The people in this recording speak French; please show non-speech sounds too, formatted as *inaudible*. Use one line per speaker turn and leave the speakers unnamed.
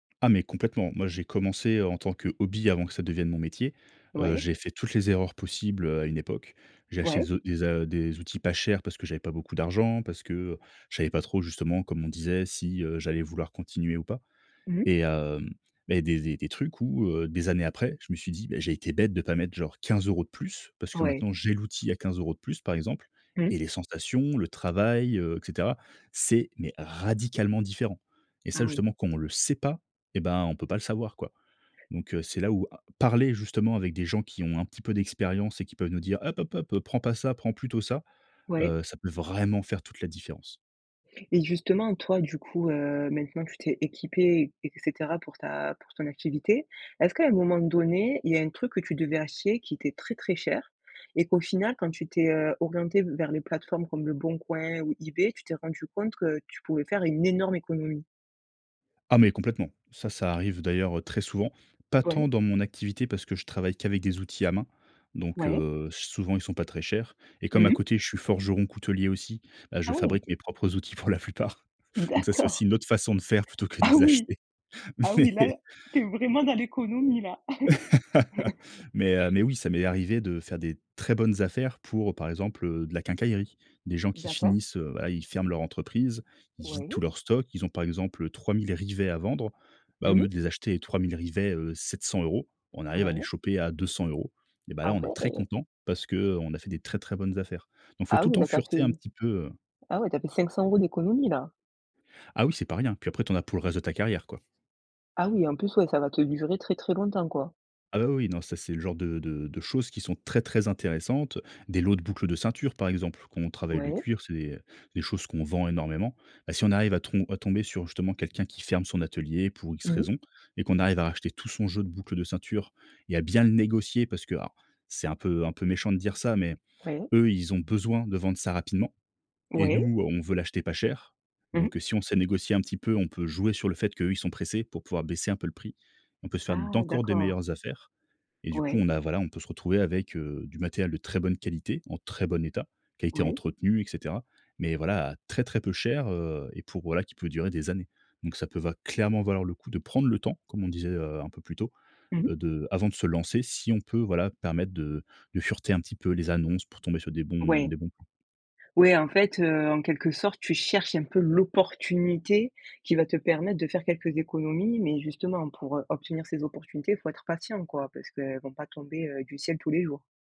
Ah, mais complètement. Moi, j'ai commencé en tant que hobby, avant que ça devienne mon métier. Heu,
Ouais.
j'ai fait toutes les erreurs possibles, heu, à une époque. J'ai acheté
Ouais.
des o des a des outils pas chers parce que j'avais pas beaucoup d'argent, parce que, heu, je savais pas trop justement, comme on disait si, heu, j'allais vouloir continuer ou pas.
Mmh mh.
Et, hem, beh, des des des trucs où, heu, des années après, je me suis dit: «Beh, j'ai été bête de pas mettre genre, 15 € de plus». Parce que
Ouais.
maintenant j'ai l'outil à 15 € de plus, par exemple
Mmh.
et les sensations, le travail, heu, et cetera. C'est, mais, radicalement différent. Et
Ah
ça
oui.
justement, quand on le sait pas, et ben, on peut pas le savoir, quoi. Donc, heu, c'est là où a parler justement avec des gens qui ont un petit peu d'expérience et qui peuvent nous dire: «Hop hop hop, prends pas ça, prends plutôt ça».
Ouais.
Heu, ça peut vraiment faire toute la différence.
Et justement, toi, du coup, heu, maintenant, tu t'es équipé, et et cetera, pour ta pour ton activité. Est-ce qu'à un moment donné, il y a un truc que tu devais hacher, qui était très, très cher, et qu'au final quand tu t'es, heu, orienté v vers les plateformes comme Leboncoin ou eBay, tu t'es rendu compte, que tu pouvais faire une énorme économie?
Ah mais complètement, ça, ça arrive d'ailleurs, heu, très souvent, pas tant
Ouais.
dans mon activité parce que je travaille qu'avec des outils à main, donc,
Ouais.
heu, souvent ils sont pas très chers. Et comme
Mmh
à
mh.
côté, je suis forgeron coutelier aussi, bah, je
Ah oui.
fabrique mes propres outils pour la plupart. Donc ça, c'est
D'accord.
aussi une autre façon de faire, plutôt que de
Ah
les
oui,
acheter.
ah oui
Mais
là, tu es vraiment dans l'économie, là.
*laughs*
*chuckles*
mais, heu, mais, oui, ça m'est arrivé de faire des, très bonnes affaires, pour par exemple, heu, de la quincaillerie. Des gens qui
D'accord.
finissent, heu, bah, ils ferment leur entreprise. Ils vident tous
Oui.
leurs stocks. Ils ont par exemple 3000 rivets à vendre, bah au
Mmh
mieux,
mh.
de les acheter 3000 rivets, heu, 700 €. On arrive à les
Ouais.
choper à 200 €. Et ben là,
Ah
on est très
ouais.
content parce que, heu, on a fait des très, très, bonnes affaires. Donc, il faut
Ah
tout le
oui,
temps
là tu as fait
fureter un petit peu, heu
ah ouais, tu as fait 500 € d'économie, là!
Ah oui, c'est pas rien. Puis après, tu en as pour le reste de ta carrière, quoi.
Ah oui, en plus, ouais, ça va te durer très, très, longtemps, quoi.
Ah bah, oui oui, non, ça c'est le genre de de de choses qui sont très, très intéressantes. Des lots de boucles de ceinture par exemple, quand on travaille le
Ouais.
cuir, c'est des des choses qu'on vend énormément. Bah, si on arrive à trom à tomber sur justement, quelqu'un qui ferme son atelier pour X
Mmh mh.
raisons, et qu'on arrive à racheter tout son jeu de boucles de ceinture et à bien le négocier, parce que, alors, c'est un peu un peu méchant de dire ça. Mais,
Ouais.
eux, ils ont besoin de vendre ça rapidement et
Oui.
nous, on veut l'acheter pas cher.
Mmh mh.
Donc, heu, si on sait négocier un petit peu, on peut jouer sur le fait qu'eux, ils sont pressés, pour pouvoir baisser un peu le prix. On peut se faire
Ah.
d'encore des
D'accord.
meilleures affaires et du coup,
Ouais.
on a voilà on peut se retrouver avec, heu, du matériel de très bonne qualité, en très bon état, qui a été
Ouais.
entretenu et cetera. Mais voilà, à très, très peu cher, heu, et pour voilà qui peut durer des années. Donc ça peut va clairement valoir le coup de prendre le temps, comme on disait, heu, un peu plus tôt,
Mmh mh.
heu, de avant de se lancer si on peut, voilà, permettre de de fureter, un petit peu, les annonces pour tomber sur des bons
Ouais.
des bons plans.
Ouais, en fait, heu, en quelque sorte, tu cherches un peu l'opportunité, qui va te permettre de faire quelques économies. Mais justement, pour, heu, obtenir ces opportunités, faut être patient, quoi, parce qu'elles vont pas tomber, heu, du ciel tous les jours.